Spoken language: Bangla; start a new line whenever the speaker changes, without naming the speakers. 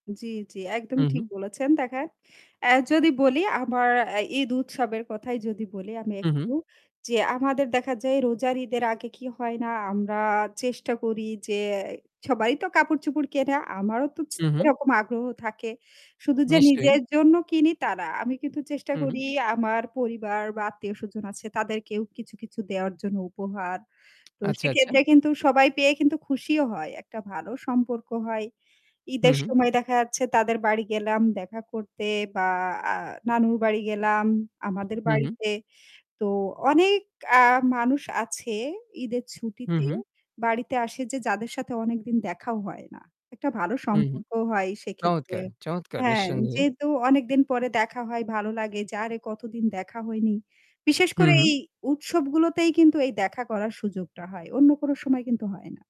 জি, জি
হু,
একদমই ঠিক
হু।
বলেছেন, দেখেন অ্যা যদি বলি, আমার অ্যা ঈদ উৎসবের কথাই যদি বলি আমি
হু,
একটু
হু।
যে, "আমাদের দেখা যায় রোজার ঈদের আগে কি হয় না আমরা চেষ্টা করি যে অ্যা সবাই তো কাপড়-চোপড় কেনে আমারও তো ছ
হু, হু।
এরকম আগ্রহ থাকে।" শুধু যে
নিশ্চয়ই।
নিজের জন্য কিনি তা না, আমি কিন্তু চেষ্টা
হুম, হুম।
করি আমার পরিবার বা আত্মীয় স্বজন আছে তাদেরকেও কিছু, কিছু দেওয়ার জন্য উপহার। তো
আচ্ছা, আচ্ছা।
সেক্ষেত্রে কিন্তু সবাই পেয়ে কিন্তু খুশিও হয় একটা ভালো সম্পর্ক হয়।
হু,
ঈদের
হু।
সময় দেখা যাচ্ছে তাদের বাড়ি গেলাম দেখা করতে বা আ নানুর বাড়ি গেলাম আমাদের
হু, হু।
বাড়িতে তো অনেক আ মানুষ আছে, ঈদের
হু,
ছুটিতে
হু।
বাড়িতে আসে যে যাদের সাথে অনেকদিন দেখাও হয় না। একটা ভালো
উম-হুম।
সম্পর্কও হয় সেক্ষেত্রে
চমৎকার, চমৎকার
হ্যাঁ,
নিঃসন্দেহে!
যেহেতু অনেকদিন পরে দেখা হয় ভালো লাগে যে, "আরে কতদিন দেখা হয়নি!" বিশেষ
হু,
করে এই
হু।
উৎসবগুলোতেই কিন্তু এই দেখা করার সুযোগটা হয়। অন্য কোনো সময় কিন্তু হয় না।